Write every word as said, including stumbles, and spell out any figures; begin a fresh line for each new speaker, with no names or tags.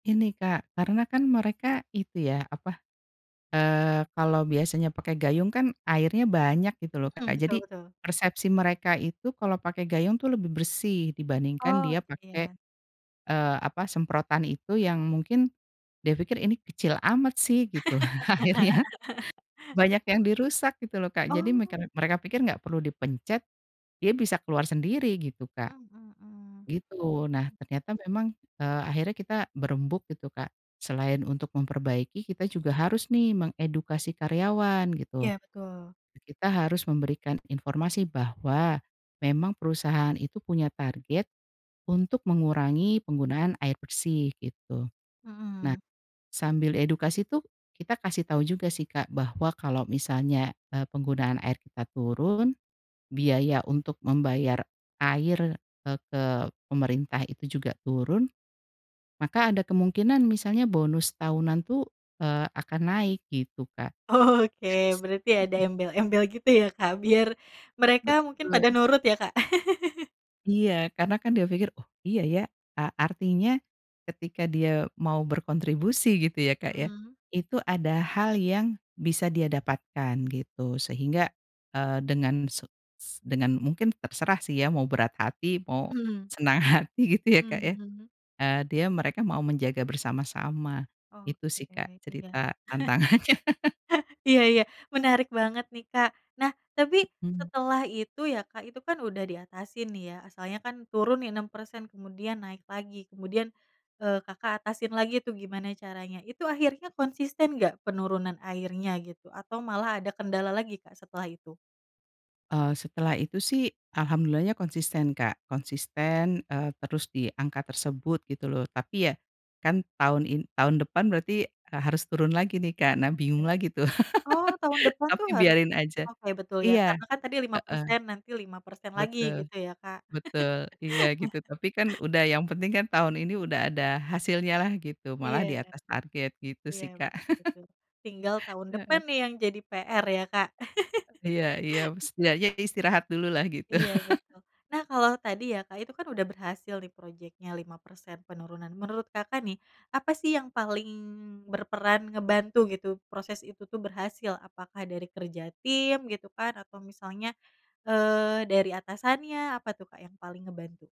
Ini Kak karena kan mereka itu ya apa, eee, kalau biasanya pakai gayung kan airnya banyak gitu loh
Mhm,
Kak
betul
jadi,
betul.
persepsi mereka itu kalau pakai gayung tuh lebih bersih dibandingkan
Oh
dia pakai,
iya.
eee, apa semprotan itu yang mungkin, dia pikir ini kecil amat sih gitu akhirnya, banyak yang dirusak gitu loh Kak jadi
Oh.
mekar mereka pikir gak perlu dipencet, dia bisa keluar sendiri gitu, Kak.
Mhm mhm mhm.
Gitu nah ternyata memang, eee, akhirnya kita berembuk gitu Kak selain untuk memperbaiki kita juga harus nih mengedukasi karyawan gitu,
Iya betul.
eee, kita harus memberikan informasi bahwa, memang perusahaan itu punya target, untuk mengurangi penggunaan air bersih gitu, nah,
Mhm.
sambil edukasi tuh kita kasih tau juga sih Kak bahwa kalau misalnya, eee, penggunaan air kita turun, biaya untuk membayar air, eee, ke pemerintah itu juga turun, maka ada kemungkinan misalnya bonus tahunan tuh, eee, akan naik gitu, Kak.
Oke berarti ada embel-embel gitu ya Kak biar, mereka mungkin pada
Betul.
nurut ya, Kak.
Iya karena kan dia pikir oh iya ya a artinya, ketika dia mau berkontribusi gitu ya Kak ya,
Mhm.
itu ada hal yang bisa dia dapatkan gitu sehingga, eee, dengan se es dengan mungkin terserah sih ya mau berat hati mau,
Mhm.
senang hati gitu ya
Mhm
Kak ya,
mhm.
eee, dia mereka mau menjaga bersama-sama, itu
Oke
sih Kak
iya.
cerita tantangannya.
Iya iya menarik banget nih Kak nah tapi
Mhm.
setelah itu ya Kak itu kan udah di atasin nih ya asalnya kan turun nih enam persen kemudian naik lagi kemudian, eee, Kakak atasin lagi tuh gimana caranya itu akhirnya konsisten gak penurunan airnya gitu? Atau malah ada kendala lagi Kak setelah itu?
Eee, setelah itu sih alhamdulillahnya konsisten Kak konsisten, eee, terus di angka tersebut gitu loh tapi ya, kan tahun in tahun depan berarti, eee, harus turun lagi nih Kak nah
Oke,
bingung lagi tuh
oh tahun depan tuh
tapi
harus,
biarin aja,
oke betul ya
iya,
karena kan tadi lima
heeh,
persen nanti lima persen lagi
betul,
gitu ya, Kak.
betul iya gitu tapi kan udah yang penting kan tahun ini udah ada hasilnyalah gitu malah
Iya,
diatas target gitu
iya
sih Kak,
betul betul tinggal tahun depan
heeh.
nih yang jadi PR ya, Kak.
Iya iya setidaknya istirahat dululah gitu.
Iya betul, nah kalau tadi ya Kak itu kan udah berhasil nih projectnya lima persen penurunan menurut Kakak nih, apa sih yang paling berperan ngebantu gitu proses itu tuh berhasil? Apakah dari kerja tim gitu kan atau misalnya, eee, dari atasannya apa tuh Kak yang paling ngebantu?